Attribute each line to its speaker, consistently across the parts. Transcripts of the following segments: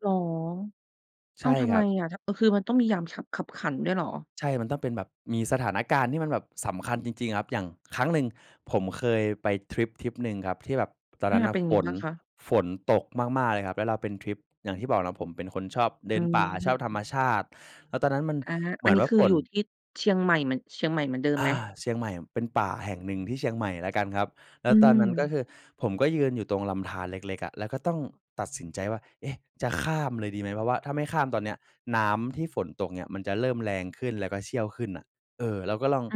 Speaker 1: เหรอ
Speaker 2: ใ
Speaker 1: อ
Speaker 2: ช
Speaker 1: ้า
Speaker 2: ่
Speaker 1: ว ทำ
Speaker 2: ค
Speaker 1: ไ
Speaker 2: ร
Speaker 1: ม
Speaker 2: ับ
Speaker 1: อะ ท เอ่อ คือมันต้องมียามขับ คับขันด้วยเหรอ?
Speaker 2: ใช่ มันต้องเป็นแบบ มีสถานการณ์ที่มันแบบสำคัญจริง ๆ ครับ อย่างครั้งหนึ่งผมเคยไปทริปทริปหนึ่งครับ ที่แบบตอน
Speaker 1: อ
Speaker 2: นั
Speaker 1: า
Speaker 2: ้นน่
Speaker 1: เ
Speaker 2: ะ
Speaker 1: ป็น
Speaker 2: ฝ
Speaker 1: ไง
Speaker 2: น
Speaker 1: บ้างคะ?
Speaker 2: ฝนตกมาก ๆ เลยครับ แล้วเราเป็นทริปอย่างที่บอกเนาะผมเป็น
Speaker 1: อ
Speaker 2: คนชอบเด
Speaker 1: ื
Speaker 2: ินป่า ชอบธรรม
Speaker 1: ม
Speaker 2: ชาติ แล้วตอนนั้นมัน
Speaker 1: อา
Speaker 2: เหม
Speaker 1: อั
Speaker 2: ือ
Speaker 1: น
Speaker 2: น
Speaker 1: นี้
Speaker 2: ว่า
Speaker 1: คือ
Speaker 2: ฝ
Speaker 1: อย
Speaker 2: น
Speaker 1: ู่ที่เชียงใหม่เหมือน เชียงใหม่เหมือนเดิม
Speaker 2: อ
Speaker 1: ไหม?
Speaker 2: า เชียงใหม่ เป็นป่าแห่งหนึ่งที่เชียงใหม่แล้วกันครับ แล
Speaker 1: อ
Speaker 2: ้
Speaker 1: ื
Speaker 2: วตอนนั้นก็
Speaker 1: ม
Speaker 2: คือผมก็ยืนอยู่ตรงลำธารเล็ก ๆ อะ แล้วก็ต้องตัดสินใจว่า เอ๊ะ จะข้ามเลยดีไหม เพราะว่าถ้าไม่ข้ามตอนเนี้ยน้ำที่ฝนตกเนี่ยมันจะเริ่มแรงขึ้น แล้วก็เชี่ยวขึ้นน่ะ เออ เราก็ลอง
Speaker 1: อื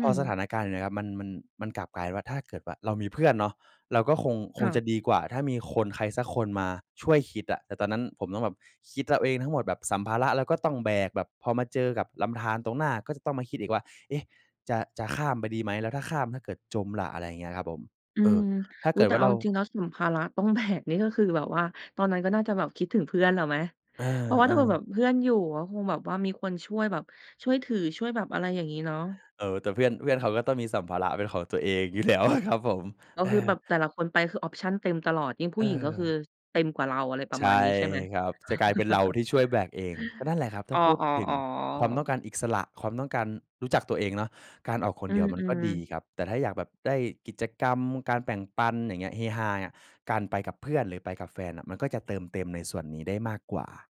Speaker 2: พอสถ
Speaker 1: ม
Speaker 2: านการณ์อย่างเงี้ยครับมัน มัน มันกลับกลายเป็นว่าถ้าเกิดว่าเรามีเพื่อนเนาะ เราก็คง ค
Speaker 1: ค
Speaker 2: ง
Speaker 1: ่ะ
Speaker 2: จะดีกว่า ถ้ามีคน ใครสักคนมาช่วยคิดอะ แต่ตอนนั้นผมต้องแบบคิดเอาเองทั้งหมด แบบสัมภาระเราก็ต้องแบก แบบพอมาเจอกับลำธารตรงหน้าก็จะต้องมาคิดอีกว่า "เอ๊ะ จะ จะข้ามไปดีไหม แล้วถ้าข้าม ถ้าเกิดจมล่ะ" อะไรอย่างเงี้ยครับผม
Speaker 1: อื
Speaker 2: เออ
Speaker 1: ม
Speaker 2: ถ้า
Speaker 1: อุ
Speaker 2: เก
Speaker 1: ๊ย
Speaker 2: ิด
Speaker 1: แต
Speaker 2: ว
Speaker 1: ่
Speaker 2: ่
Speaker 1: เ
Speaker 2: า
Speaker 1: อา
Speaker 2: เรา
Speaker 1: จริง ๆ แล้วสัมภาระต้อง แบก นี่ก็คือแบบว่า ตอนนั้นก็น่าจะแบบคิดถึงเพื่อนแล้วไหม
Speaker 2: เอ
Speaker 1: เพราะว่าถ้าเผื่อแบ
Speaker 2: อ ๆ
Speaker 1: บเพื่อนอยู่ก็คงแบบว่ามีคนช่วยแบบ ช่วยถือ ช่วยแบบ อะไรอย่างงี้เนาะ
Speaker 2: เออ แต่เพื่อน เพื่อนเขาก็ต้องมีสัมภาระเป็นของตัวเองอยู่ แล้วอะ ครับผม
Speaker 1: ก็
Speaker 2: เออ
Speaker 1: คือแบบแต่ละคนไปคือ ออปชัน เต็มตลอด ยิ่งผ
Speaker 2: เ
Speaker 1: ู้หญิงก็คื
Speaker 2: ออ
Speaker 1: อ เต็มกว่าเรา อะไรปร
Speaker 2: ใ
Speaker 1: ะ
Speaker 2: ช
Speaker 1: มาณ
Speaker 2: ่
Speaker 1: นี้ใช่ไหม?
Speaker 2: ครับ จะกลายเป็นเราที่ช่วยแบกเอง ก็นั่นแหละครับ ถ้
Speaker 1: อ๋
Speaker 2: า
Speaker 1: อ
Speaker 2: พูดถึงความ
Speaker 1: ๆ
Speaker 2: ต้
Speaker 1: ๆ
Speaker 2: องการอีกสระ ความต้องการรู้จักตัวเองเนาะ การออกคน
Speaker 1: อื
Speaker 2: เดียวมันก็
Speaker 1: ม
Speaker 2: ดี
Speaker 1: ๆ
Speaker 2: ครับ แต่ถ้าอยากแบบได้กิจกรรมการแบ่งปัน อย่างเงี้ย เฮฮาเงี้ย การไปกับเพื่อน หรือไปกับแฟนน่ะมันก็จะเติมเต็มในส่วนนี้ได้มากกว่า